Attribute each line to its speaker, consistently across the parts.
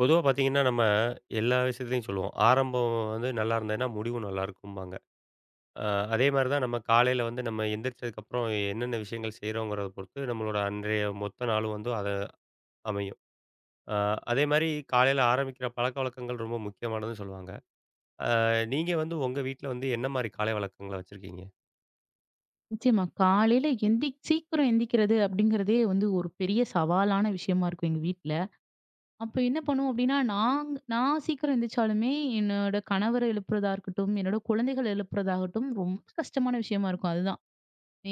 Speaker 1: பொதுவா பார்த்தீங்கன்னா, நம்ம, எல்லா விஷயத்துலயும் சொல்லுவோம். ஆரம்பம் வந்து நல்லாயிருந்ததுன்னா முடிவும் நல்லாயிருக்கும்பாங்க. அ அதேமாரி தான் நம்ம காலையில வந்து நம்ம எந்திரிச்சதுக்கு அப்புறம் என்னென்ன விஷயங்கள் செய்றோங்கிறத பொறுத்து நம்மளோட அன்றைய மொத்த நாளும் வந்து அத அமையும். அ அதே மாரி காலையில ஆரம்பிக்கிற பழக்கவழக்கங்கள் ரொம்ப முக்கியமானதுன்னு சொல்லுவாங்க. அ நீங்க வந்து உங்க வீட்ல வந்து என்ன மாரி காலை வழக்கங்கள வச்சிருக்கீங்க?
Speaker 2: நிச்சியமா. காலையில எந்திச்சி சீக்கிரம் எந்திரிக்கிறது. அப்டிங்கிறதே வந்து ஒரு பெரிய சவாலான விஷயமா இருக்கும் எங்க வீட்ல. அப்போ என்ன பண்ணுவோம்? அப்டின்னா, நாங் நான் சீக்கிரம் எந்திரிச்சாலுமே என்னோட கணவர எழுப்புறதா இருக்கட்டும். என்னோட குழந்தைகள எழுப்புறதா இருக்கட்டும். ரொம்ப கஷ்டமான விஷயமா இருக்கும். அதுதான்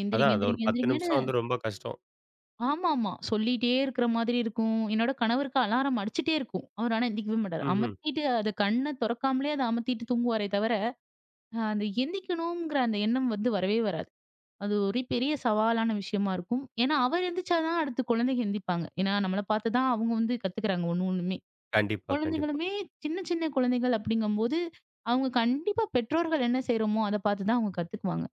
Speaker 2: எந்திரிங்க,
Speaker 1: அதான் அது ஒரு
Speaker 2: எந்திரிங்க,
Speaker 1: 10
Speaker 2: எந்திரிங்கன்னு.
Speaker 1: நிமிஷம் வந்து ரொம்ப கஷ்டம்.
Speaker 2: ஆமாமா. சொல்லீட்டே இருக்கற மாதிரி இருக்கும். என்னோட கணவருக்கு அலாரம் அடிச்சிட்டே இருக்கும். அவர் ஆனா எழுந்திரிக்கவே மாட்டார்.
Speaker 1: ம்ஹ்ம்.
Speaker 2: அமத்திட்டு அது கண்ண தொறக்காமலே அத அமத்திட்டு தூங்குவாரே தவர அந்த எந்திக்கணுங்கிற அந்த எண்ணம் வந்து வரவே வராது. அது ஒரு பெரிய சவாலான விஷயமா இருக்கும். ஏன்னா, அவர் எந்திரிச்சா தான் அடுத்து குழந்தைங்க எழுந்திப்பாங்க. ஏன்னா, நம்மள பார்த்து தான் அவங்க வந்து கத்துக்கிறாங்க ஒண்ணு ஒண்ணுமே,
Speaker 1: கண்டிப்பா, கண்டிப்பா.
Speaker 2: குழந்தைகளுமே சின்ன சின்ன குழந்தைகள் அப்டிங்கும்போது, அவங்க கண்டிப்பா பெற்றோர்கள் என்ன செய்றோமோ அத பார்த்து தான் அவங்க கத்துக்குவாங்க.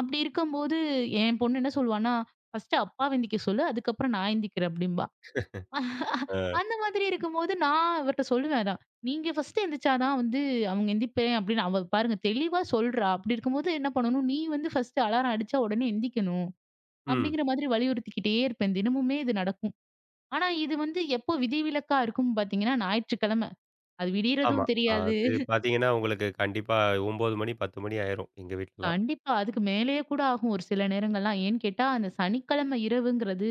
Speaker 2: அப்டி இருக்கும்போது என் பொண்ணு என்ன சொல்லுவான்னா, "பர்ஸ்ட் அப்பாவ எந்திக்க சொல்லு. அதுக்கு அப்புறம் நான் ஏந்திரிக்கிறேன்" அப்டிம்பா.
Speaker 1: ஆ.
Speaker 2: அந்த மாதிரி இருக்கும்போது நான் அவர்ட்ட சொல்லுவேன். "அதான் நீங்க ஃபர்ஸ்ட்டு எழுந்திரிச்சா தான் வந்து அவங்க எந்திரிப்பேன் அப்டின்னு அவ பாருங்க தெளிவா சொல்றா, அப்டி இருக்கும்போது என்ன பண்ணணும்? நீ வந்து ஃபர்ஸ்ட்டு அலாரம் அடிச்சா உடனே எழுந்திக்கணும்."
Speaker 1: ம்.
Speaker 2: அப்டிங்கிற மாதிரி வலியுறுத்திக்கிட்டே இருப்பேன். தினமுமே இது நடக்கும். ஆனா, இது வந்து எப்போ விதிவிலக்கா இருக்கும்னு பார்த்தீங்கன்னா, ஞாயிற்றுக்கிழம. அது
Speaker 1: ஆமா,
Speaker 2: விடியறதும் தெரியாது.
Speaker 1: அது பார்த்தீங்கன்னா, உங்களுக்கு கண்டிப்பா 9 மணி 10 மணி ஆயிரும் எங்க வீட்லலாம்.
Speaker 2: கண்டிப்பா. அதுக்கு மேலேயே கூட ஆகும். ஒரு சில நேரங்கள்லாம் ஏன்னு கேட்டா அந்த சனிக்கிழமை இரவுங்கிறது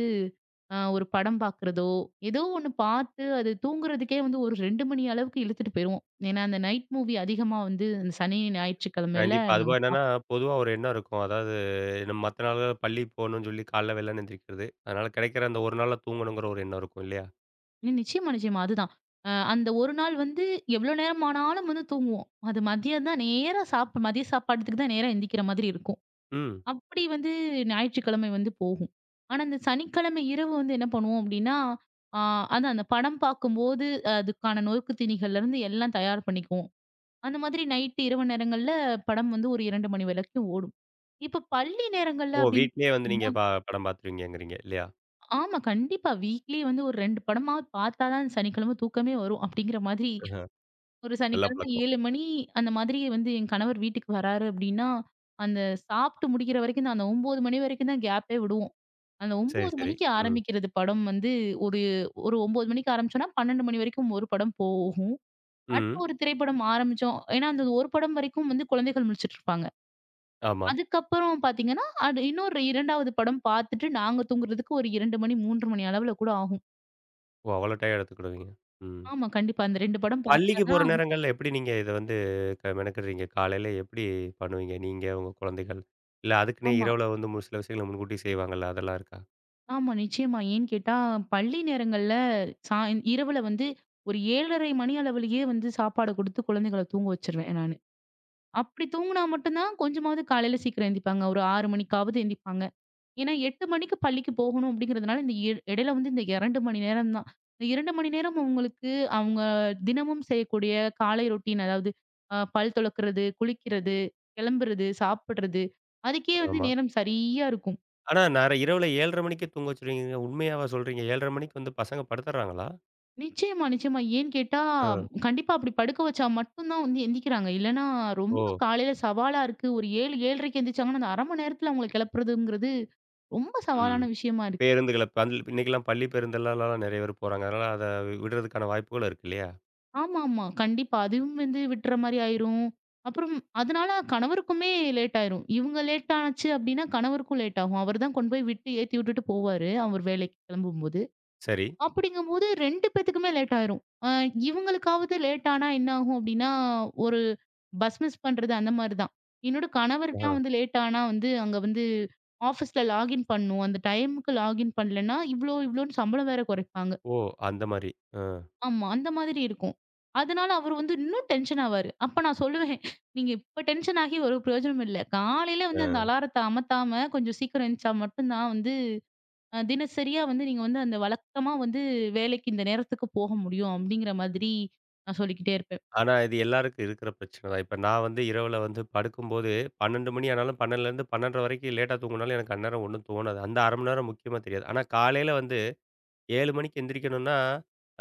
Speaker 2: அ ஒரு படம் பார்க்கிறதோ, ஏதோ ஒண்ணு பார்த்து அது தூங்குறதுக்கே வந்து ஒரு 2 மணி அளவுக்கு இழுத்துட்டு போயிருவோம். ஏன்னா, அந்த நைட் மூவி அதிகமா வந்து சனி, ஞாயிற்றுக்கிழமையில
Speaker 1: கண்டிப்பா.
Speaker 2: நாங்க
Speaker 1: அதுபோக
Speaker 2: பார்ப்போம்.
Speaker 1: என்னன்னா, பொதுவா ஒரு எண்ணம் இருக்கும். அதாவது மத்த நாள் பள்ளிக்கு போணுன்னு சொல்லி காலையில வெள்ளன எந்திரிக்கறது. அதனால கிடைக்கிற அந்த 1 நாள்ல தூங்கணுங்கிற ஒரு எண்ணம் இருக்கும் இல்லையா?
Speaker 2: நிச்சயமா, நிச்சயமா. அதுதான். அ அந்த ஒரு நாள் வந்து எவ்வளோ நேரமானாலும் வந்து தூங்குவோம். அது மதியம் தான் நேரா சாப் மதிய சாப்பாட்டுக்கு தான் நேரா எந்திரிக்கிற மாதிரி இருக்கும்.
Speaker 1: ம்.
Speaker 2: அப்படி வந்து ஞாயிற்றுக்கிழமை வந்து போகும். ஆனா, இந்த சனிக்கிழமை இரவு வந்து என்ன பண்ணுவோம்? அப்டின்னா, ஆ அதான் அந்த படம் பார்க்கும்போது, அதுக்கான நொறுக்கு தீனிகள்லருந்து எல்லாம் தயார் பண்ணிக்குவோம். அந்த மாதிரி நைட்டு இரவு நேரங்கள்ல, படம் வந்து ஒரு 2 மணி வரைக்கும் ஓடும். இப்போ பள்ளி நேரங்கள்ல
Speaker 1: ஓ
Speaker 2: அப்டின்னு
Speaker 1: வீட்லயே வந்து நீங்க
Speaker 2: பார்த்தீங்கனா
Speaker 1: ப படம் பாத்துருவீங்கங்குறீங்க இல்லையா?
Speaker 2: ஆமா. கண்டிப்பா. வீக்லி வந்து ஒரு 2 படமாவது பார்த்தா தான் சனிக்கிழமை தூக்கமே வரும். அப்டிங்கிற மாதிரி
Speaker 1: ஆஹ.
Speaker 2: ஒரு
Speaker 1: நல்ல
Speaker 2: சனிக்கிழமை
Speaker 1: பழக்கம்.
Speaker 2: 7 மணி அந்த மாதிரி வந்து என் கணவர் வீட்டுக்கு வர்றாரு அப்டின்னா, அந்த சாப்ட்டு முடிக்கிற வரைக்கும் தான் அந்த 9 மணி வரைக்கும் தான் கேப்பே விடுவோம். அந்த
Speaker 1: சரி,
Speaker 2: 9
Speaker 1: சரி.
Speaker 2: மணிக்கு
Speaker 1: ம்.
Speaker 2: ஆரம்பிக்கிறது படம் வந்து, ஒரு ஒரு 9 மணிக்கு ஆரம்பிச்சோம்னா, 12 மணி வரைக்கும் ஒரு படம் போகும்.
Speaker 1: ம்.
Speaker 2: அடுத்த
Speaker 1: ம்.
Speaker 2: ஒரு திரைப்படம் ஆரம்பிச்சோம் ஏன்னா, அந்த ஒரு படம் வரைக்கும் வந்து குழந்தைகள் முழிச்சிட்டு இருப்பாங்க.
Speaker 1: ஆமா.
Speaker 2: அதுக்கு அப்புறம் பார்த்தீங்கன்னா, இன்னொரு 2 படம் பார்த்துட்டு நாங்க தூங்குறதுக்கு ஒரு 2 மணி, 3 மணி அளவுல கூட ஆகும்.
Speaker 1: ஓ. அவ்வளோ டையம் எடுத்துக்கிடுவீங்க? ம்.
Speaker 2: ஆமா. கண்டிப்பா. அந்த ரெண்டு படம் பார்த்தா
Speaker 1: பள்ளிக்கு போற
Speaker 2: தான்.
Speaker 1: நேரங்கள்ல எப்டி நீங்க இத வந்து மெனக்கறீங்க? காலையில எப்டி பண்ணுவீங்க? நீங்க உங்க குழந்தைகள். இல்ல அதுக்குன்னே
Speaker 2: ஆமா.
Speaker 1: இரவுல வந்து ஒரு சில விஷயங்கள முன்கூட்டி செய்வாங்கல்ல, அதெல்லாம் இருக்கா?
Speaker 2: ஆமா நிச்சயமா. ஏன்னு கேட்டா பள்ளி நேரங்கள்ல சாய் இரவுல வந்து ஒரு 7:30 மணி அளவிலேயே வந்து சாப்பாட குடுத்து குழந்தைகள தூங்க வச்சுருவேன், நானு. அப்படி தூங்கினா மட்டும்தான் கொஞ்சமாவது காலையில சீக்கிரம் எந்திப்பாங்க, ஒரு 6 மணிக்காவது எந்திப்பாங்க. ஏன்னா 8 மணிக்கு பள்ளிக்கு போகணும் அப்படிங்கிறதுனால, இந்த இ எடையில வந்து இந்த 2 மணி நேரம் தான். இந்த 2 மணி நேரம் அவங்களுக்கு, அவங்க தினமும் செய்யக்கூடிய காலை ரொட்டீன், அதாவது அ பல் துலக்கிறது, குளிக்கிறது, கிளம்புறது, சாப்பிடுறது, அதுக்கே வந்து
Speaker 1: ஆமா.
Speaker 2: நேரம் சரியா இருக்கும்.
Speaker 1: ஆனா நர இரவுல 7:30 மணிக்கே தூங்க வச்சுருவீங்கங்றீங்க, உண்மையாவா சொல்றீங்க? 7:30 மணிக்கு வந்து பசங்க படுத்துடுறாங்களா?
Speaker 2: நிச்சயமா நிச்சயமா. ஏன்னு கேட்டா
Speaker 1: அ.
Speaker 2: கண்டிப்பா அப்படி படுக்க வைச்சா மட்டும் தான் வந்து எந்திக்கிறாங்க. இல்லைனா ரொம்ப
Speaker 1: ஓ!
Speaker 2: காலையில சவாலா இருக்கு. ஒரு 7, 7:30க்கு எந்திரிச்சாங்கன்னா, அந்த 1/2 மணி நேரத்தில அவங்கள கிளப்புறதுங்கிறது, ரொம்ப
Speaker 1: ம்.
Speaker 2: சவாலான விஷயமா இருக்கு.
Speaker 1: பேருந்துகள பள் இன்னைக்கெல்லாம் பள்ளி பேருந்துலலாம் நிறைய பேர் போறாங்க, அதனால அத விடறதுக்கான வாய்ப்புகள் இருக்கு இல்லையா?
Speaker 2: ஆமாம்மா. கண்டிப்பா. அதுவும் வந்து விட்டுற மாரி ஆயிரும். அப்புறம் அதனால கணவருக்குமே லேட் ஆயிரும். இவங்க லேட்டாச்சு அப்படினா கணவருக்கும் லேட்டாகும். அவர் தான் கொண்டு போய் விட்டு ஏத்தி விட்டுட்டு போவாரு, அவர் வேலைக்கு கிளம்பும்போது.
Speaker 1: சரி.
Speaker 2: அப்படிங்கும்போது 2 பேத்துக்குமே லேட் ஆயிரும். அ இவங்களுக்காவது லேட்டா ஆனா என்ன ஆகும்? அப்படின்னா, ஒரு பஸ் மிஸ் பண்றது அந்த மாரி தான். என்னோட கணவருக்கலாம்
Speaker 1: ஆ.
Speaker 2: வந்து லேட் ஆனா வந்து அங்கே வந்து ஆஃபீஸ்ல லாகின் பண்ணணும், அந்த டைமுக்கு லாகின் பண்ணலன்னா இவ்வளோ இவ்வளோன்னு சம்பளம் வேற குறைப்பாங்க.
Speaker 1: ஒ! அந்த மாரி. அ.
Speaker 2: ஆமா அந்த மாதிரி இருக்கும். அதனால அவர் வந்து இன்னும் டென்ஷன் ஆவாரு. அப்ப நான் சொல்லுவேன் "நீங்க இப்ப டென்ஷன் ஆகி ஒரு பிரயோஜனமும் இல்ல. காலையில வந்து அந்த
Speaker 1: அ.
Speaker 2: அலாரத்த அமத்தாம கொஞ்சம் சீக்கிரம் எந்திச்சா மட்டும் தான் வந்து, தினசரியா வந்து நீங்க வந்து அந்த வழக்கமா வந்து வேலைக்கு இந்த நேரத்துக்கு போக முடியும்." அப்படிங்கிற மாதிரி நான் சொல்லிக்கிட்டே இருப்பேன்.
Speaker 1: ஆனா இது எல்லாருக்கும் இருக்கிற பிரச்சனை தான். இப்ப நான் வந்து இரவில வந்து படுக்கும்போது, 12 மணி ஆனாலும் 12 லிருந்து 12:30 வரைக்கும் லேட்டா தூங்குனாலும், எனக்கு அந்நேரம் ஒண்ணும் தோணாது. அந்த 1/2 மணி நேரம் முக்கியமா தெரியாது. ஆனா காலையில வந்து, 7 மணிக்கு எந்திரிக்கணும்ன்னா,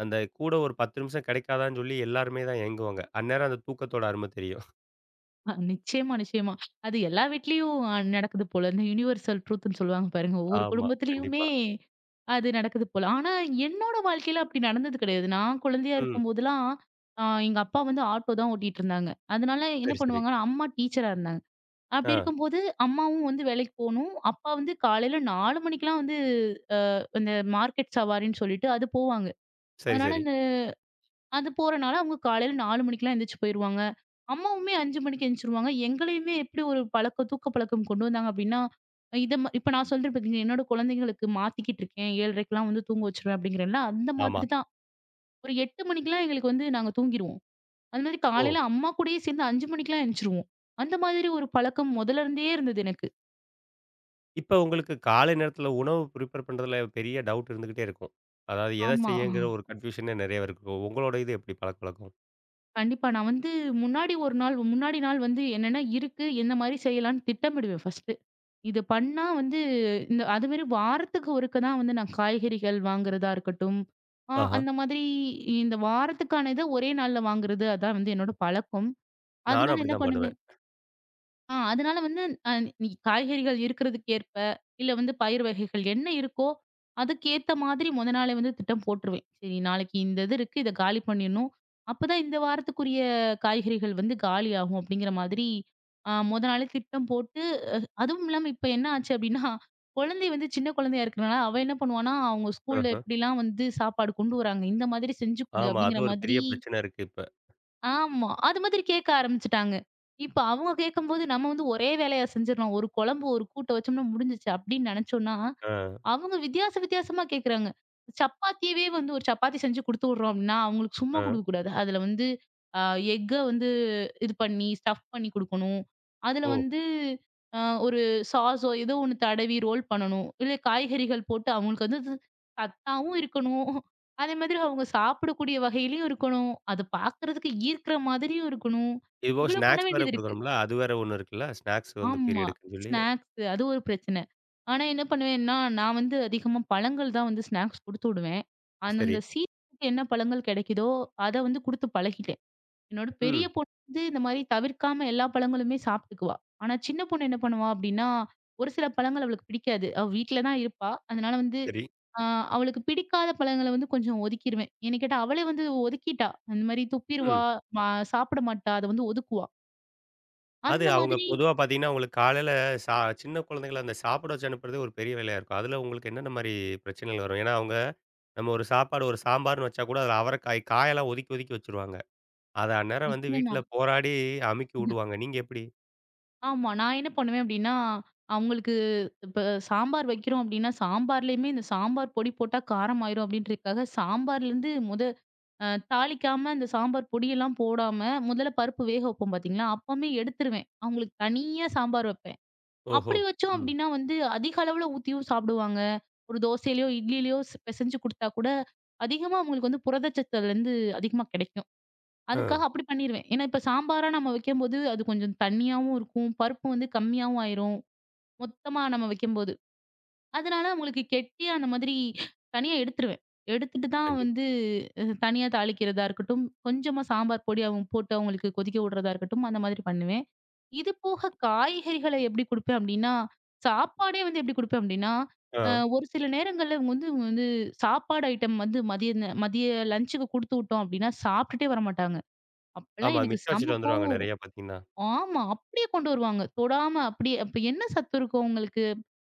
Speaker 1: அந்த கூட ஒரு 10 நிமிஷம் கிடைக்காதான்னு சொல்லி எல்லாருமே தான் ஏங்குவாங்க. அந்நேரம் அந்த தூக்கத்தோட அரும தெரியும்.
Speaker 2: அ நிச்சியமா, நிச்சியமா. அது எல்லா வீட்லயும் அ நடக்குது போல "யுனிவர்சல் ட்ரூத்ன்னு" சொல்வாங்க பாருங்க, ஒவ்வொரு
Speaker 1: ஆமா,
Speaker 2: குடும்பத்திலேயுமே
Speaker 1: கண்டிப்பா.
Speaker 2: அது நடக்குது போல. ஆனா, என்னோட வாழ்க்கையில அப்டி நடந்தது கிடையாது. நான் கொழந்தையா
Speaker 1: ம்.
Speaker 2: இருக்கும்போதெல்லாம், ஆ எங்க அப்பா வந்து ஆட்டோ தான் ஓட்டிட்டு இருந்தாங்க. அதுனால என்ன
Speaker 1: சரி, சரி.
Speaker 2: பண்ணுவாங்கன்னா, அம்மா டீச்சரா இருந்தாங்க. அப்டி
Speaker 1: அ.
Speaker 2: இருக்கும்போது அம்மாவும் வந்து வேலைக்கு போணும். அப்பா வந்து காலையில 4 மணிக்கெல்லாம் வந்து ஆ இந்த மார்க்கெட் சவாரின்னு சொல்லிட்டு அது போவாங்க.
Speaker 1: சரி,
Speaker 2: அதுனால
Speaker 1: சரி.
Speaker 2: இந்த அது போறனால அவங்க காலையில 4 மணிக்கெலாம் எந்திரிச்சி போயிருவாங்க. அம்மாவுமே 5 மணிக்கு எந்திச்சிருவாங்க. எங்களையுமே எப்டி ஒரு பழக்கம் தூக்க பழக்கம், கொண்டு வந்தாங்க அப்டின்னா இத ம இப்ப நான் சொல்றேன் பார்த்தீங்களா, என்னோட கொழந்தைங்களுக்கு மாத்திக்கிட்டு இருக்கேன் 7:30க்குலாம் வந்து தூங்க வச்சுருவேன் அப்டிங்கிறேன்ல, அந்த
Speaker 1: ஆமா.
Speaker 2: மாதிரிதான். ஒரு 8 மணிக்கெலாம் எங்களுக்கு வந்து நாங்க தூங்கிருவோம். அந்த மாரி
Speaker 1: ஓ.
Speaker 2: காலையில அம்மா கூடயே சேர்ந்து 5 மணிக்கெல்லாம் எந்திச்சிருவோம். அந்த மாதிரி ஒரு பழக்கம் மொதல்ல இருந்தே இருந்தது எனக்கு.
Speaker 1: இப்ப உங்களுக்கு காலை நேரத்துல உணவு பிரிபேர் பண்றதுல பெரிய டவுட் இருந்துக்கிட்டே இருக்கும். அதாவது எத
Speaker 2: ஆமா.
Speaker 1: செய்யங்கிற ஒரு கன்ஃப்யூஷனே நெறைய இருக்கும். உங்களோட இது எப்டி பழக்கவழக்கம்?
Speaker 2: கண்டிப்பா. நான் வந்து முன்னாடி ஒரு நாள் முன்னாடி நாள் வந்து என்னென்ன இருக்கு என்ன மாரி செய்யலான்னு திட்டமிடுவேன் ஃபர்ஸ்ட்டு. இத பண்ணா வந்து இந்த அதுமாரி வாரத்துக்கு ஒருக்க தான் வந்து நான் காய்கறிகள் வாங்குறதா இருக்கட்டும். ஆ
Speaker 1: ஆஹ்.
Speaker 2: அந்த மாதிரி இந்த வாரத்துக்கான இத ஒரே நாள்ல வாங்குறது அதான் வந்து என்னோட பழக்கம்.
Speaker 1: நானும்
Speaker 2: அதுனால என்ன
Speaker 1: அப்டிதான் பண்ணுவேன்.
Speaker 2: பண்ணுவேன் ஆ அதனால வந்து ந இ காய்கறிகள் இருக்கிறதுக்கேற்ப, இல்ல வந்து பயிரு வகைகள் என்ன இருக்கோ, அதுக்கேத்த மாதிரி முதல் நாளே வந்து திட்டம் போட்டுருவேன். "சரி நாளைக்கு இந்த இது இருக்கு இதை காலி பண்ணிடணும். அப்போதான் இந்த வாரத்துக்குரிய காய்கறிகள் வந்து காலியாகும்." அப்படிங்கிற மாதிரி முதல் நாளே திட்டம் போட்டு, அதுவும் இல்லாம இப்போ என்ன ஆச்சு அப்படின்னா, குழந்தை வந்து சின்ன குழந்தையா இருக்கிறதுனால, அவ என்ன பண்ணுவான்னா, அவங்க ஸ்கூல்ல
Speaker 1: ஆஹா.
Speaker 2: எப்படிலாம் வந்து சாப்பாடு கொண்டு வராங்க, இந்த மாதிரி செஞ்சு கொடு
Speaker 1: ஆமா. அது
Speaker 2: அப்படிங்கிற
Speaker 1: ஒரு
Speaker 2: மாதிரி
Speaker 1: பெரிய பிரச்சனை இருக்கு இப்ப.
Speaker 2: ஆமா, அது மாதிரி கேட்க ஆரம்பிச்சுட்டாங்க. இப்ப அவங்க கேட்கும்போது நம்ம வந்து ஒரே வேலையா செஞ்சுடலாம் ஒரு குழம்பு, ஒரு கூட்ட வச்சோம்னா முடிஞ்சிச்சு அப்படின்னு நினைச்சோம்னா
Speaker 1: ஆ.
Speaker 2: அவங்க வித்தியாசம் வித்தியாசமா கேட்கிறாங்க. சப்பாத்திய வந்து ஒரு சப்பாத்தி செஞ்சு குடுத்து விடுறோம் அப்படின்னா, அவங்களுக்கு சும்மா
Speaker 1: ஆ.
Speaker 2: கொடுக்கக்கூடாது அதில் வந்து அ எஃக்க வந்து இது பண்ணி ஸ்டஃப் பண்ணி கொடுக்கணும். அதில
Speaker 1: ஓ!
Speaker 2: வந்து அ ஒரு சாஸோ ஏதோ ஒண்ணு தடவி ரோல் பண்ணணும். இல்ல காய்கறிகள் போட்டு அவங்களுக்கு வந்து சத்தாவும் இருக்கணும், அதே மாதிரி அவங்க சாப்பிடக்கூடிய வகையிலயும் இருக்கணும். அத பார்க்குறதுக்கு ஈர்க்கிற மாதிரியும் இருக்கணும்.
Speaker 1: இப்போ
Speaker 2: இவ்வளோ பண்ண
Speaker 1: ஸ்நாக்ஸ் வேற
Speaker 2: வேண்டியது இருக்கு.
Speaker 1: குடுக்குறோம்ல, அது வேற ஒண்ணு இருக்குல்ல, ஸ்நாக்ஸ் வந்து
Speaker 2: ஆமா,
Speaker 1: பீரியட்க்குன்னு சொல்லி.
Speaker 2: ஸ்நாக்ஸ் அது ஒரு பிரச்சன. ஆனா, என்ன பண்ணுவேன்னா நான் வந்து அதிகமா பழங்கள் தான் வந்து ஸ்நாக்ஸ் குடுத்து விடுவேன். அந்த
Speaker 1: சரி.
Speaker 2: அந்த சீசன்க்கு என்ன பழங்கள் கிடைக்குதோ, அத வந்து கொடுத்து பழகிட்டேன். என்னோட பெரிய
Speaker 1: ம்.
Speaker 2: பொண்ணு வந்து இந்த மாதிரி தவிர்க்காம எல்லா பழங்களுமே சாப்பிட்டுக்குவா. ஆனா சின்ன பொண்ணு என்ன பண்ணுவா அப்படின்னா, ஒரு சில பழங்கள் அவளுக்கு பிடிக்காது. அவ வீட்ல தான் இருப்பா. அதனால வந்து
Speaker 1: சரி.
Speaker 2: அ அவளுக்கு பிடிக்காத பழங்கள வந்து கொஞ்சம் ஒதுக்கிடுவேன். என்ன கேட்டா அவளே வந்து ஒதுக்கிட்டா. அந்த மாதிரி துப்பிடுவா
Speaker 1: ம்.
Speaker 2: சாப்பிட மாட்டா. அத வந்து ஒதுக்குவா.
Speaker 1: அது
Speaker 2: அந்த
Speaker 1: அவுங்க
Speaker 2: மாதிரி.
Speaker 1: பொதுவா பார்த்தீங்கன்னா, அவுங்களுக்கு காலையில ச சின்ன குழந்தைகள அந்த சாப்பாடு வச்சு அனுப்புறது ஒரு பெரிய வேலையா இருக்கும். அதில உங்களுக்கு என்னென்னமாரி பிரச்சனைகள் வரும்? ஏன்னா, அவுங்க நம்ம ஒரு சாப்பாடு ஒரு சாம்பார்ன்னு வச்சா கூட அதில அவரைக்காய் காயெல்லாம் ஒதுக்கி ஒதுக்கி வச்சுருவாங்க. அத அந்நேரம் வந்து
Speaker 2: நிச்சயமா.
Speaker 1: வீட்ல போராடி அமுக்கி விடுவாங்க. நீங்க எப்பிடி?
Speaker 2: ஆமா. நான் என்ன பண்ணுவேன்? அப்பிடின்னா, அவுங்களுக்கு இப்ப சாம்பார் வைக்கிறோம் அப்பிடின்னா, சாம்பார்லயுமே இந்த சாம்பார் பொடி போட்டா காரம் ஆயிரும் அப்பிடின்றதுக்காக சாம்பார்லருந்து முத அ தாளிக்காம இந்த சாம்பார் பொடியெல்லாம் போடாம முதல்ல பருப்பு வேக வைப்போம் பார்த்தீங்களா, அப்பமே எடுத்துருவேன். அவுங்களுக்கு தனியா சாம்பார் வப்பேன்.
Speaker 1: ஓஹோ!
Speaker 2: அப்பிடி வச்சோம்
Speaker 1: ம்.
Speaker 2: அப்பிடின்னா வந்து அதிக அளவுல ஊத்தியும் சாப்டுவாங்க. ஒரு தோசையிலயோ! இட்லிலயோ! பிசைஞ்சு கொடுத்தா கூட அதிகமா அவுங்களுக்கு வந்து புரத சத்து அதுலருந்து அதிகமா கிடைக்கும். அதுக்காக
Speaker 1: ஆ.
Speaker 2: அப்பிடி பண்ணிருவேன். ஏன்னா, இப்ப சாம்பாரா நம்ம வைக்கும்போது அது கொஞ்சம் தண்ணியாவும் இருக்கும். பருப்பு வந்து கம்மியாவும் ஆயிரும். மொத்தமா நம்ம வைக்கும்போது. அதனால அவுங்களுக்கு கெட்டி அந்த மாதிரி தனியா எடுத்துருவேன். எடுத்துட்டு தான்
Speaker 1: கண்டிப்பா.
Speaker 2: வந்து அ தனியா தாளிக்கிறதா இருக்கட்டும், கொஞ்சமா சாம்பார் பொடி போட்டு அவுங்களுக்கு கொதிக்க உட்றதா இருக்கட்டும், அந்த மாதிரி பண்ணுவேன். இதுபோக காய்கறிகள எப்பிடி குடுப்பேன்? அப்பிடின்னா சாப்பாடே வந்து எப்பிடி குடுப்பேன்? அப்பிடின்னா,
Speaker 1: ஆ.
Speaker 2: ஒரு சில நேரங்கள்ல இவுங்க வந்து இவுங்க வந்து சாப்பாடு ஐட்டம் வந்து மதிய இந்த மதிய லன்ச்சுக்கு குடுத்து விட்டோம் அப்பிடின்னா, சாப்பிட்டுட்டே வரமாட்டாங்க. அப்பல்லாம்
Speaker 1: ஆமா
Speaker 2: எனக்கு
Speaker 1: மிச்சம்
Speaker 2: செம்ம
Speaker 1: வச்சிட்டு
Speaker 2: கோவம்
Speaker 1: வந்துருவாங்க. நிறைய பார்த்தீங்கன்னா.
Speaker 2: வரும். ஆமா. அப்பிடியே கொண்டு வருவாங்க. தொடாம அப்பிடியே! அப்ப என்ன சத்து இருக்கும்? அவுங்களுக்கு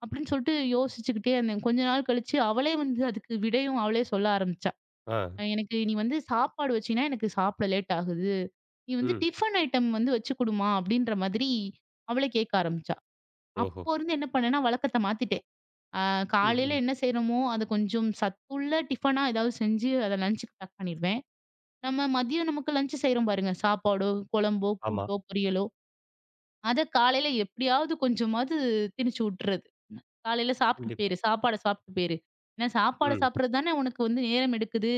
Speaker 2: அப்பிடின்னு சொல்ட்டு யோசிச்சுக்கிட்டே இருந்தேன். கொஞ்ச நாள் கழிச்சு அவளே வந்து அதுக்கு விடையும் அவளே சொல்ல ஆரம்பிச்சா.
Speaker 1: ஆ.
Speaker 2: எனக்கு நீ வந்து சாப்பாடு வச்சின்னா எனக்கு சாப்பிட லேட் ஆகுது. நீ வந்து
Speaker 1: ம்.
Speaker 2: டிஃபன் ஐட்டம் வந்து வச்சு குடுமா! அப்பிடின்ற மாதிரி அவளே கேட்க ஆரம்பிச்சா.
Speaker 1: ஓஹோ!
Speaker 2: அப்போ இருந்து என்ன பண்ணேன்னா, வழக்கத்த மாத்திட்டேன். ஆ
Speaker 1: ம்,
Speaker 2: காலையில
Speaker 1: ம்.
Speaker 2: என்ன செய்றோமோ அத கொஞ்சம் சத்துள்ள டிஃபனா எதாவது செஞ்சு அத லன்ச்சுக்கு பேக் பண்ணிருவேன். நம்ம மதியம் நமக்கு லஞ்ச் செய்றோம் பாருங்க! சாப்பாடோ! குழம்போ!
Speaker 1: ஆமா.
Speaker 2: கூட்டோ! பொரியலோ அத காலையில எப்பிடியாவது கொஞ்சமாவது திணிச்சு உட்றது. "காலையில சாப்பிட்டு
Speaker 1: கண்டிப்பா.
Speaker 2: போயிரு. சாப்பாட சாப்பிட்டு போயிரு. ஏன்னா, சாப்பாடு
Speaker 1: ம்.
Speaker 2: சாப்பிட்றது தானே உனக்கு வந்து நேரம் எடுக்குது."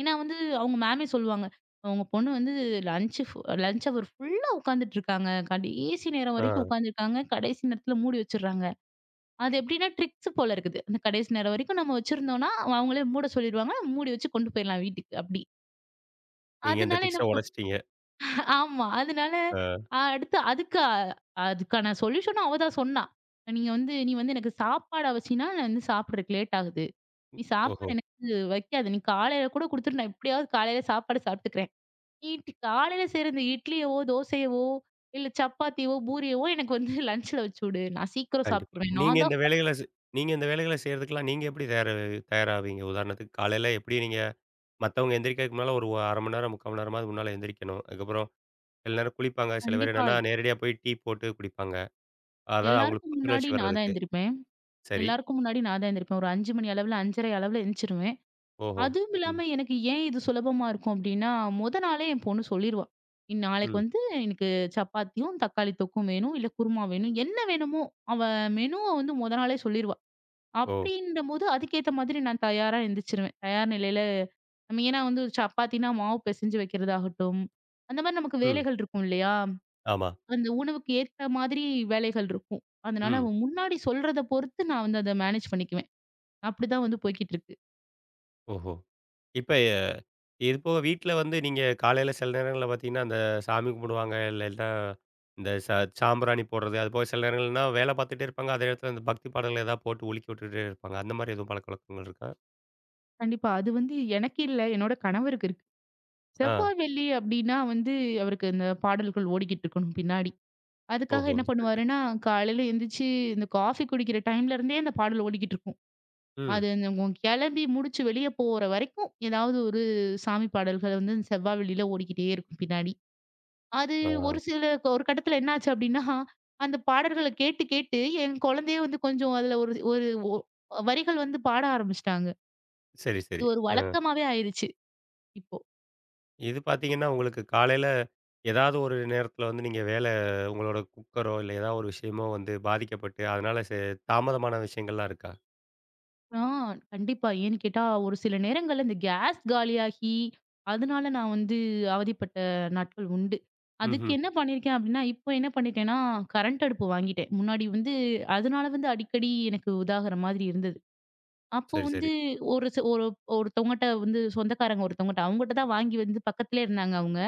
Speaker 2: ஏன்னா வந்து அவுங்க மேமே சொல்லுவாங்க. "உங்க பொண்ணு வந்து லஞ்ச் ஃபு லஞ்ச் ஹவர் ஃபுல்லா உட்காந்துட்டு இருக்காங்க. கடைசி நேரம் வரைக்கும்
Speaker 1: ஆ.
Speaker 2: உக்காந்துருக்காங்க. கடைசி நேரத்தில மூடி வச்சிர்றாங்க." அது எப்பிடின்னா ட்ரிக்ஸு போல இருக்குது. அந்த கடைசி நேரம் வரைக்கும் நம்ம வச்சிருந்தோன்னா, அவுங்களே மூட சொல்லிடுவாங்க. மூடி வச்சு கொண்டு போயிட்லாம் வீட்டுக்கு அப்பிடி.
Speaker 1: நீங்க இந்த
Speaker 2: அதனால
Speaker 1: ட்ரிக்ச
Speaker 2: என்ன ப்
Speaker 1: உடைச்சிட்டீங்க.
Speaker 2: ஆமா. அதனால
Speaker 1: ஆ.
Speaker 2: அடுத்து அதுக்கு அ அதுக்கான சொல்யூஷனும் அவ தான் சொன்னா. நீங்க வந்து "நீ வந்து எனக்கு சாப்பாட வச்சின்னா, நான் வந்து சாப்பட்றதுக்கு லேட் ஆகுது. நீ
Speaker 1: ம். ஓஹோ!
Speaker 2: சாப்பாடு எனக்கு வைக்காத, நீ காலையில் கூட குடுத்துட்டு நான் எப்படியாவது காலையில் சாப்பாடு சாப்பிட்டுக்கிறேன். நீ காலையில செய்ற இந்த இட்லியவோ, தோசையவோ இல்ல சப்பாத்தியோ, பூரியவோ எனக்கு வந்து லன்ச்சுல வச்சு உடு. நான் சீக்கிரம்
Speaker 1: கண்டிப்பா.
Speaker 2: சாப்ட்ருவேன்."
Speaker 1: நீங்க
Speaker 2: நான்
Speaker 1: இந்த
Speaker 2: தான்
Speaker 1: வேலைகள ச
Speaker 2: [unintelligible]
Speaker 1: நீங்க இந்த வேலைகள செய்றதுக்குலாம் நீங்க எப்படி தயார், தயாராவிங்க? உதாரணத்துக்கு காலையில எப்படி நீங்க மத்தவங்க எந்திரிக்கறக்கு முன்னால ஒரு 1/2 மணி நேரம், 3/4 மணி நேரமாவது முன்னால எந்திரிக்கணும். அதுக்கப்புறம் சில நேரம் குளிப்பாங்க, சில பேர் என்னன்னா
Speaker 2: கண்டிப்பாய்.
Speaker 1: நேரடியா போய் டீ போட்டு குடிப்பாங்க. அதாது அவங்களுக்கு
Speaker 2: எல்லாருக்கும் முன்னாடி
Speaker 1: புத்துணர்ச்சி
Speaker 2: நான் தான்
Speaker 1: வரதுக்கு.
Speaker 2: எந்திரிப்பேன்.
Speaker 1: சரி.
Speaker 2: எல்லாருக்கும் முன்னாடி நான் தான் எந்திரிப்பேன் ஒரு 5:00 மணி அளவில் 5:30 அளவுல எழுந்திச்சிடுவேன்.
Speaker 1: ஓஹோ!
Speaker 2: அதுவும்
Speaker 1: ம்.
Speaker 2: இல்லாம எனக்கு ஏன் இது சுலபமா இருக்கும். அப்படினா முதல் நாளே என் பொண்ணு சொல்லிருவா. இனி நாளைக்கு
Speaker 1: ம்.
Speaker 2: வந்து "எனக்கு சப்பாத்தியும், தக்காளி தொக்கும் வேணும். இல்ல குருமா வேணும்." என்ன வேணுமோ, அவ மெனுவ வந்து முதல் நாளே சொல்லிருவா.
Speaker 1: ஓ.
Speaker 2: அப்படின்னும்போது, அதுக்கேத்த மாதிரி நான் தயாரா எந்திரிச்சிருவேன். தயார் நிலையில. மெயினா வந்து சப்பாத்தின்னா மாவு பிசைஞ்சு வைக்கிறதாகட்டும். அந்த மாதிரி நமக்கு
Speaker 1: ம்.
Speaker 2: வேலைகள் இருக்கும் இல்லையா?
Speaker 1: ஆமா.
Speaker 2: அந்த உணவுக்கு ஏத்த மாதிரி வேலைகள் இருக்கும். அதனால
Speaker 1: ம்.
Speaker 2: அவன் முன்னாடி சொல்றத பொறுத்து நான் வந்து அத மேனேஜ் பண்ணிக்குவேன். அப்படிதான் வந்து போய்க்கிட்டு இருக்கு.
Speaker 1: ஓஹோ! இப்ப இது போக வீட்ல வந்து நீங்க காலையில சில நேரங்கள்ல பார்த்தீங்கன்னா, அந்த சாமி கும்பிடுவாங்க இல்லனா, இந்த சா சாம்பிராணி போடுறது, அதுபோக சில நேரங்கள்லாம் வேலை பார்த்துட்டே இருப்பாங்க. அதே இடத்தில அந்த பக்தி பாடங்கள் ஏதா போட்டு ஒலிக்க வுட்டுட்டே இருப்பாங்க. அந்த மாரி எதுவும் பழக்கவழக்கங்கள் இருக்கா?
Speaker 2: கண்டிப்பா. அது வந்து எனக்கு இல்ல என்னோட கணவருக்கு இருக்கு. செவ்வா,
Speaker 1: ஆ.
Speaker 2: வெள்ளி அப்டின்னா வந்து அவருக்கு இந்த பாடல்கள் ஓடிக்கிட்டு இருக்கணும் பின்னாடி. அதுக்காக
Speaker 1: ஓஹோ!
Speaker 2: என்ன
Speaker 1: சரி, சரி.
Speaker 2: பண்ணுவாருன்னா, காலையில எந்திச்சி இந்த காஃபி குடிக்கிற டைம்லேருந்தே அந்த பாடல் ஓடிக்கிட்டிருக்கும்.
Speaker 1: ம்.
Speaker 2: அது என்னமோ கிளம்பி முடிச்சு வெளியே போற வரைக்கும் எதாவது ஒரு சாமி பாடல்கள் வந்து செவ்வா, வெள்ளியில ஓடிக்கிட்டே இருக்கும் பின்னாடி. அது ஒரு
Speaker 1: ஆ.
Speaker 2: சில ஒரு கட்டத்தில என்ன ஆச்சு அப்டின்னா அந்த பாடல்கள கேட்டு கேட்டு என் குழந்தையே வந்து கொஞ்சம் அதில ஒரு ஒரு ஒ வரிகள் வந்து பாட ஆரம்பிச்சுட்டாங்க.
Speaker 1: சரி,
Speaker 2: அது
Speaker 1: சரி.
Speaker 2: ஒரு
Speaker 1: ஆ.
Speaker 2: வழக்கமாவே ஆயிருச்சு. இப்போ.
Speaker 1: இது பார்த்தீங்கன்னா, உங்களுக்கு காலையில, ஏதாவது ஒரு நேரத்தில வந்து நீங்க வேல உங்களோட குக்கரோ இல்ல ஏதாவது ஒரு விஷயமோ வந்து பாதிக்கப்பட்டு அதுனால ச தாமதமான விஷயங்கள்லாம் இருக்கா?
Speaker 2: ஆ கண்டிப்பா. ஏன்னு கேட்டா ஒரு சில நேரங்கள்ல இந்த கேஸ் காலியாகி அதுனால நான் வந்து அவதிப்பட்ட நாட்கள் உண்டு. அதுக்கு
Speaker 1: ம்ஹ்ம்.
Speaker 2: என்ன பண்ணியிருக்கேன் அப்டின்னா, இப்ப என்ன பண்ணிட்டேன்னா கரண்ட் அடுப்பு வாங்கிட்டேன். முன்னாடி வந்து அதுனால வந்து அடிக்கடி எனக்கு உதாகுற மாதிரி இருந்தது. அப்போ
Speaker 1: சரி,
Speaker 2: வந்து
Speaker 1: சரி.
Speaker 2: ஒரு ச ஒரு ஒருத்தங்கிட்ட வந்து சொந்தக்காரங்க ஒருத்தங்கிட்ட அவங்ககிட்ட தான் வாங்கி வந்து பக்கத்திலேயே இருந்தாங்க அவங்க.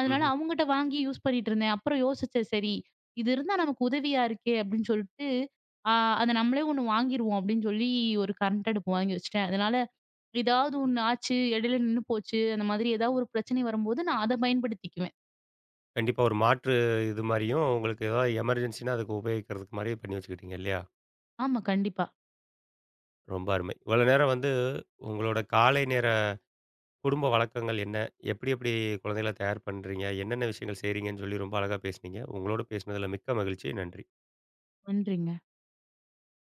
Speaker 2: அதுனால
Speaker 1: ம்ஹ்ம்.
Speaker 2: அவங்கிட்ட வாங்கி யூஸ் பண்ணிட்டு இருந்தேன். அப்புறம் யோசிச்சேன் சரி, இது இருந்தா நமக்கு உதவியா இருக்கே அப்டின்னு சொல்ட்டு. ஆ அத நம்மளே 1 வாங்கிருவோம் அப்டின்னு சொல்லி ஒரு கரண்ட் அடுப்பு வாங்கி வச்சுட்டேன். அதனால ஏதாவது 1 ஆச்சு இடையில நின்னு போச்சு அந்த மாதிரி ஏதாவது ஒரு பிரச்சனை வரும்போது நான் அத பயன்படுத்திக்குவேன்.
Speaker 1: கண்டிப்பா. ஒரு மாற்று இது மாரியும் உங்களுக்கு ஏதாவது எமர்ஜென்சின்னா அதுக்கு உபயோகிக்கிறதுக்கு மாரியே பண்ணி வச்சுக்கிட்டிங்க இல்லையா?
Speaker 2: ஆமா, கண்டிப்பா.
Speaker 1: ரொம்ப அருமை! இவ்வளோ நேரம் வந்து உங்களோட காலை நேர குடும்ப வழக்கங்கள் என்ன எப்டி எப்டி குழந்தைகள தயார் பண்றீங்க? என்னென்ன விஷயங்கள் செய்றீங்கன்னு சொல்லி ரொம்ப அழகா பேசினீங்க. உங்களோடு பேசனதில மிக்க மகிழ்ச்சி நன்றி.
Speaker 2: நன்றிங்க.